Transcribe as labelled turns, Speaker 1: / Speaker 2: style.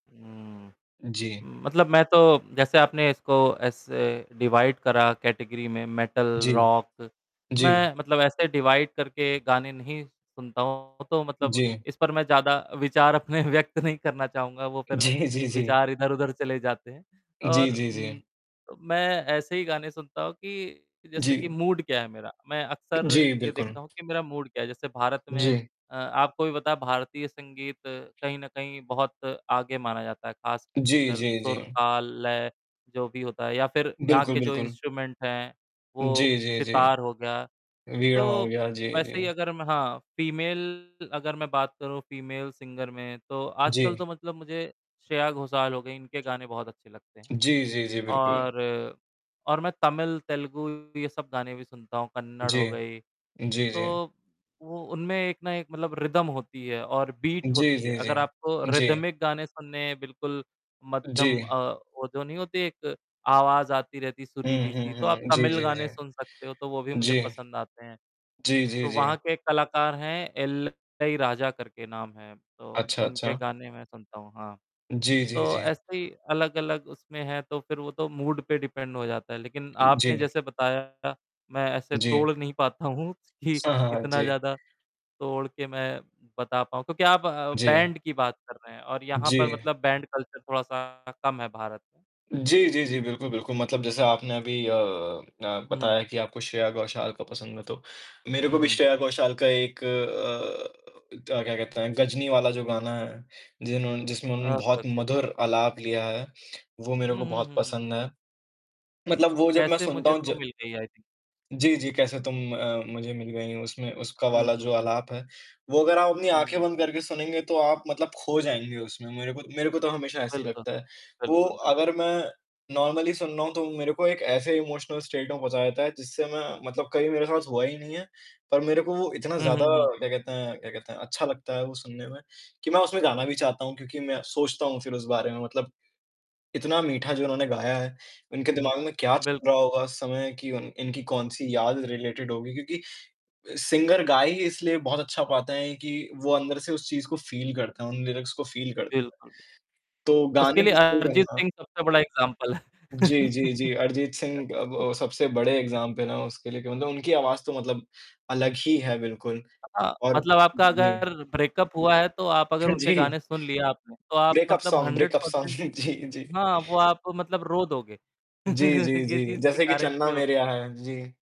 Speaker 1: उम
Speaker 2: उ, जी।
Speaker 1: उम, मतलब मैं तो जैसे आपने इसको ऐसे डिवाइड करा कैटेगरी में, मेटल
Speaker 2: जी,
Speaker 1: रॉक,
Speaker 2: जी।
Speaker 1: मैं मतलब ऐसे डिवाइड करके गाने नहीं सुनता हूँ, तो मतलब
Speaker 2: जी।
Speaker 1: इस पर मैं ज़्यादा विचार अपने व्यक्त नहीं करना चाहूँगा। वो फ़िर
Speaker 2: जी, जी, जी
Speaker 1: विचार इधर-उधर चले जाते हैं
Speaker 2: जी,
Speaker 1: और
Speaker 2: जी,
Speaker 1: उम,
Speaker 2: जी।
Speaker 1: अब मैं ऐसे ही गाने सुनता हूँ कि, जैसे कि
Speaker 2: जी।
Speaker 1: मूड क्या है मेरा, मैं अक्सर
Speaker 2: जी,
Speaker 1: ये
Speaker 2: बिल्कुल।
Speaker 1: देखता हूँ कि मेरा मूड क्या है। जैसे भारत में
Speaker 2: जी।
Speaker 1: अ, आपको भी पता है भारतीय संगीत कहीं न कहीं बहुत आगे माना जाता है,
Speaker 2: जी,
Speaker 1: ख़ासकर
Speaker 2: जी,
Speaker 1: सुर,
Speaker 2: जी।
Speaker 1: ताल, लय जो भी होता है या फ़िर यहाँ
Speaker 2: बिल्कुल,
Speaker 1: के जो
Speaker 2: बिल्कुल।
Speaker 1: इंस्ट्रूमेंट हैं, वो
Speaker 2: जी, जी,
Speaker 1: सितार
Speaker 2: जी।
Speaker 1: हो गया।
Speaker 2: वीणा
Speaker 1: तो,
Speaker 2: हो गया, जी, जी।
Speaker 1: वैसे ही अगर मैं हाँ फीमेल अगर मैं बात करूँ फीमेल सिंगर में, तो आजकल तो
Speaker 2: जी।
Speaker 1: मतलब मुझे श्रेया घोषाल हो गई, इनके गाने बहुत अच्छे लगते हैं।
Speaker 2: जी, जी, जी, बिल्कुल।
Speaker 1: और और मैं तमिल, तेलुगु ये सब गाने भी सुनता हूँ, कन्नड़ हो
Speaker 2: जी।
Speaker 1: गई,
Speaker 2: जी, जी।
Speaker 1: तो वो उनमें एक ना एक मतलब रिदम होती है और बीट
Speaker 2: जी,
Speaker 1: होती है।
Speaker 2: जी, जी।
Speaker 1: अगर आपको
Speaker 2: जी।
Speaker 1: रिदमिक गाने सुनने हैं बिल्कुल मध्यम
Speaker 2: जी।
Speaker 1: अ, वो जो नहीं होती एक आवाज़ आती रहती है
Speaker 2: हुँ, हुँ,
Speaker 1: सुरीली-सी, तो आप
Speaker 2: हुँ। जी,
Speaker 1: तमिल
Speaker 2: जी,
Speaker 1: गाने सुन
Speaker 2: जी।
Speaker 1: सकते हो, तो वो भी मुझे
Speaker 2: जी।
Speaker 1: पसंद आते हैं।
Speaker 2: जी, जी,
Speaker 1: तो वहाँ
Speaker 2: जी।
Speaker 1: के एक कलाकार हैं इलैयाराजा करके नाम है, तो
Speaker 2: अच्छा,
Speaker 1: उनके
Speaker 2: अच्छा।
Speaker 1: गाने मैं सुनता हूँ, हाँ।
Speaker 2: जी, जी,
Speaker 1: तो
Speaker 2: जी।
Speaker 1: ऐसे ही अलग-अलग उसमें है तो फ़िर वो तो मूड पे डिपेंड हो जाता है, लेक़िन आपने
Speaker 2: जी।
Speaker 1: जैसे बताया, मैं ऐसे
Speaker 2: जी।
Speaker 1: तोड़ नहीं पाता हूँ कि
Speaker 2: सा हाँ,
Speaker 1: इतना
Speaker 2: जी।
Speaker 1: ज़्यादा तोड़ के मैं बता पाऊँ। क्योंकि आप अ,
Speaker 2: जी।
Speaker 1: बैंड की बात कर रहे हैं और यहाँ पर
Speaker 2: जी।
Speaker 1: मतलब बैंड कल्चर थोड़ा सा कम है भारत में।
Speaker 2: जी, जी, जी, बिल्कुल, बिल्कुल। मतलब जैसे आपने अभी अ अ,
Speaker 1: हुँ।
Speaker 2: बताया कि आपको श्रेया घोषाल का पसंद है, तो मेरे
Speaker 1: हुँ,
Speaker 2: को भी
Speaker 1: हुँ।
Speaker 2: श्रेया घोषाल का एक अ अ, क्या क्या कहते हैं, गजनी वाला जो गाना है, जिन्होंने जिसमें उन्होंने
Speaker 1: ओके, ओके,
Speaker 2: बहुत
Speaker 1: ओके, ओके।
Speaker 2: मधुर आलाप लिया है, वो मेरे
Speaker 1: हुँ,
Speaker 2: को
Speaker 1: हुँ,
Speaker 2: बहुत
Speaker 1: हुँ, हुँ।
Speaker 2: पसंद है। मतलब वो जब मैं
Speaker 1: कैसे
Speaker 2: सुनता
Speaker 1: मुझे
Speaker 2: हूँ
Speaker 1: तू
Speaker 2: ज
Speaker 1: मिल गई, आई थिंक।
Speaker 2: जी, जी। "कैसे तुम अ, मुझे मिल गई" उसमें उसका
Speaker 1: हुँ,
Speaker 2: वाला
Speaker 1: हुँ,
Speaker 2: जो
Speaker 1: हुँ।
Speaker 2: आलाप है, वो अगर आप अपनी
Speaker 1: हुँ,
Speaker 2: आँखें
Speaker 1: हुँ।
Speaker 2: बंद करके सुनेंगे तो आप मतलब ख़ो जाएँगे उसमें। मेरे को मेरे को तो हमेशा ऐसे ही
Speaker 1: बिल्कुल,
Speaker 2: लगता है। वो
Speaker 1: बिल्कुल, बिल्क
Speaker 2: अगर मैं नॉर्मली सुन रहा हूँ, तो मेरे को एक ऐसे इमोशनल स्टेट में पहुँचा देता है जिससे मैं मतलब कहीं मेरे साथ हुआ ही नहीं हैं, पर मेरे को वो इतना
Speaker 1: हुँ, हुँ,
Speaker 2: ज़्यादा
Speaker 1: हुँ।
Speaker 2: क्या कहते हैं क्या कहते हैं, अच्छा लगता है वो सुनने में, कि मैं उसमें गाना भी चाहता हूँ क्योंकि मैं सोचता हूँ फ़िर उस बारे में। मतलब इतना मीठा जो उन्होंने गाया है, उनके
Speaker 1: हुँ, हुँ।
Speaker 2: दिमाग में क्या चल
Speaker 1: बिल्कुल,
Speaker 2: रहा
Speaker 1: बिल्कुल।
Speaker 2: होगा उस समय कि उन इनकी कौन-सी याद रिलेटेड होगी। क्योंकि अ, सिंगर गा ही इसलिए बहुत अच्छा पाता है कि वो अंदर से उस चीज़ को फ़ील करते हैं, उन लिरिक्स को फ़ील करते
Speaker 1: बिल्कुल।
Speaker 2: है, तो
Speaker 1: उसके
Speaker 2: गाने
Speaker 1: लिए
Speaker 2: को [unintelligible]
Speaker 1: अरिजीत
Speaker 2: जाऊँगा।
Speaker 1: सिंह सबसे बड़ा एग्ज़ाम्पल है।
Speaker 2: जी, जी, जी। अरिजीत सिंह अब अ, सबसे बड़े एग्ज़ाम्पल हैं उसके लिए, कि मतलब उनकी आवाज़ तो मतलब अलग ही है बिल्कुल।
Speaker 1: हाँ,
Speaker 2: और
Speaker 1: मतलब आपका
Speaker 2: जी।
Speaker 1: अगर ब्रेकअप हुआ है, तो आप अगर उनके
Speaker 2: जी।
Speaker 1: गाने सुन लिए आपने, तो आप
Speaker 2: ब्रेकअप
Speaker 1: मतलब
Speaker 2: song
Speaker 1: hundred
Speaker 2: breakup song
Speaker 1: percent
Speaker 2: जी, जी
Speaker 1: हाँ, वो आपको मतलब रो दोगे।
Speaker 2: जी, जी,
Speaker 1: ये
Speaker 2: जी,
Speaker 1: चीज़ की
Speaker 2: जैसे कि
Speaker 1: गारंटी
Speaker 2: चन्ना
Speaker 1: होती
Speaker 2: मेरेया
Speaker 1: है।
Speaker 2: है। जी।